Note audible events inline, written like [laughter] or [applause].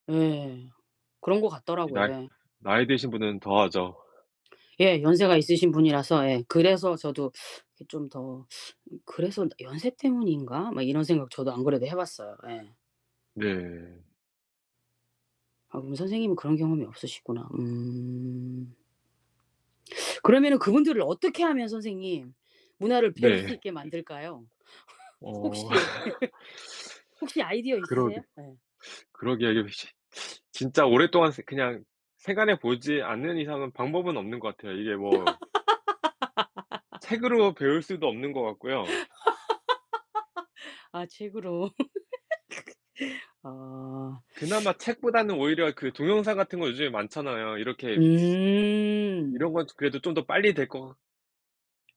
예. 그런 것 이 같더라고요. 나이 예. 나이 드신 분은 더 하죠. 예. 연세가 있으신 분이라서 예. 그래서 저도 이게 좀 더 [sucks teeth] 그래서 '연세 때문인가?' 막 이런 생각 저도 안 그래도 해 봤어요. 예. 네. 아 그럼 선생님은 그런 경험이 없으시구나 음. 그러면은 그분들을 어떻게 하면 선생님 문화를 배울 네. 수 있게 만들까요? [laughs] 어 혹시 [laughs] [laughs] 혹시 아이디어 그러게 있으세요? 예. 그러게요. 이렇게 쉽 진짜 오랫동안 쓰 그냥 생활해 보지 않는 이상은 방법은 없는 것 같아요. 이게 뭐 [laughs] 책으로 배울 수도 없는 것 같고요. [laughs] 아 책으로. [laughs] 아. 그나마 책보다는 오히려 그 동영상 같은 거 요즘에 많잖아요. 이렇게 츠 음. 이런 건 좀 그래도 좀 더 빨리 될 것 같